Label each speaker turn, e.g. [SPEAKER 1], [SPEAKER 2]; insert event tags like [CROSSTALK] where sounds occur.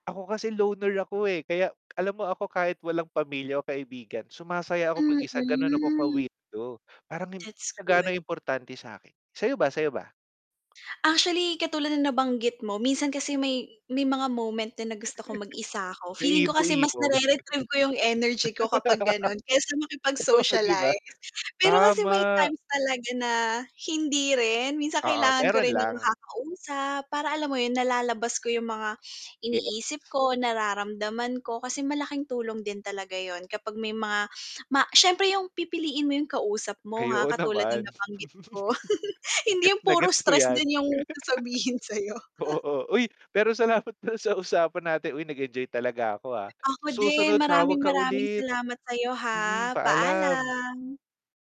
[SPEAKER 1] Ako kasi loner ako, eh. Kaya alam mo ako, kahit walang pamilya o kaibigan, sumasaya ako mag-isa, gano'n ako
[SPEAKER 2] Mm.
[SPEAKER 1] ka-weirdo. Parang hindi
[SPEAKER 2] That's
[SPEAKER 1] siya gaano
[SPEAKER 2] good.
[SPEAKER 1] importante sa'kin. Sa'yo ba, sa'yo ba?
[SPEAKER 2] Actually, katulad ng nabanggit mo, minsan kasi may may mga moment din na gusto
[SPEAKER 1] [CHUCKLES]
[SPEAKER 2] kong mag-isa ako.
[SPEAKER 1] Na
[SPEAKER 2] Feeling ko kasi mas
[SPEAKER 1] emo-emo, gano'n.
[SPEAKER 2] nare-retrieve ko 'yong energy ko kapag gano'n, kaysa
[SPEAKER 1] [LAUGHS] Oo, 'di ba?
[SPEAKER 2] makipag-socialize. Pero kasi may
[SPEAKER 1] Tama.
[SPEAKER 2] times talaga na hindi rin. Minsan
[SPEAKER 1] Oo,
[SPEAKER 2] kailangan ko
[SPEAKER 1] meron
[SPEAKER 2] rin ng
[SPEAKER 1] lang.
[SPEAKER 2] makakausap, para, alam mo 'yon, nalalabas ko 'yong mga
[SPEAKER 1] Yes.
[SPEAKER 2] iniisip ko, nararamdaman ko. Kasi malaking tulong din talaga 'yon kapag may mga ma siyempre 'yong pipiliin mo 'yong kausap mo,
[SPEAKER 1] Ay
[SPEAKER 2] ha,
[SPEAKER 1] oo
[SPEAKER 2] katulad ng
[SPEAKER 1] naman.
[SPEAKER 2] nabanggit
[SPEAKER 1] [CHUCKLES]
[SPEAKER 2] ko. [CHUCKLES] Hindi
[SPEAKER 1] Gets
[SPEAKER 2] 'yong
[SPEAKER 1] na
[SPEAKER 2] puro
[SPEAKER 1] gets ko
[SPEAKER 2] stress
[SPEAKER 1] 'yan.
[SPEAKER 2] din 'yong sasabihin sa'yo.
[SPEAKER 1] [LAUGHS]
[SPEAKER 2] [CHUCKLES]
[SPEAKER 1] Oo. Uy, pero salamat pala sa usapan natin. Uy nag-enjoy talaga ako, ha, sa
[SPEAKER 2] Ako
[SPEAKER 1] susunod
[SPEAKER 2] din.
[SPEAKER 1] tawag
[SPEAKER 2] Maraming,
[SPEAKER 1] ka
[SPEAKER 2] maraming
[SPEAKER 1] ulit.
[SPEAKER 2] salamat sa'yo,
[SPEAKER 1] Mm,
[SPEAKER 2] ha.
[SPEAKER 1] paalam.
[SPEAKER 2] Paalam!